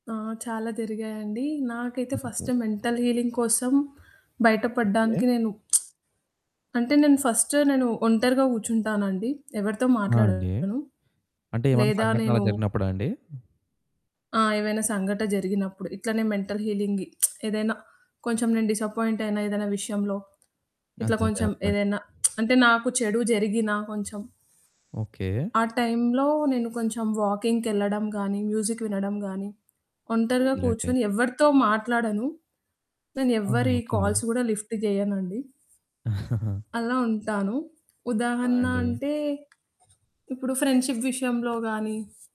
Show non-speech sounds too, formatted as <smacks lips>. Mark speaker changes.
Speaker 1: ఆ! చాలా జరిగాయండి, నాకైతే
Speaker 2: అంతే.
Speaker 1: ఫస్టు మెంటల్ హీలింగ్ కోసం బయట
Speaker 2: ఓకే.
Speaker 1: పడ్డానికి నేను <smacks lips> అంటే నేను ఫస్టు నేను ఒంటరిగా కూర్చుంటానండి. ఎవరితో
Speaker 2: ఆ! అండి.
Speaker 1: మాట్లాడను.
Speaker 2: అంటే ఏమన్నా
Speaker 1: లేదా
Speaker 2: సంఘటనలు అలా
Speaker 1: నేను
Speaker 2: జరిగినప్పుడా అండి?
Speaker 1: ఆ! ఏవైనా సంఘట జరిగినప్పుడు ఇట్లనే మెంటల్ హీలింగ్ <smacks lips> ఏదైనా కొంచెం నేను డిసప్పాయింట్ అయినా ఏదైనా విషయంలో ఇట్లా
Speaker 2: అదే అదే
Speaker 1: కొంచెం
Speaker 2: అర్ధమైంది.
Speaker 1: ఏదైనా <smacks lips> అంటే నాకు చెడు జరిగినా కొంచెం
Speaker 2: ఓకే.
Speaker 1: ఆ టైంలో నేను కొంచెం వాకింగ్‌కెళ్ళడం గాని, మ్యూజిక్ వినడం గాని, ఒంటరిగా
Speaker 2: వద్దులెండి.
Speaker 1: కూర్చొని ఎవరితో మాట్లాడను. నేను
Speaker 2: ఆహా!
Speaker 1: ఎవరి
Speaker 2: ఓకే.
Speaker 1: కాల్స్ కూడా లిఫ్ట్ జేయనండి.
Speaker 2: <chuckles>
Speaker 1: అలా ఉంటాను.
Speaker 2: ఆ!
Speaker 1: ఉదాహరణ
Speaker 2: అండి.
Speaker 1: అంటే ఇప్పుడు ఫ్రెండ్షషిప్ విషయంలో గాని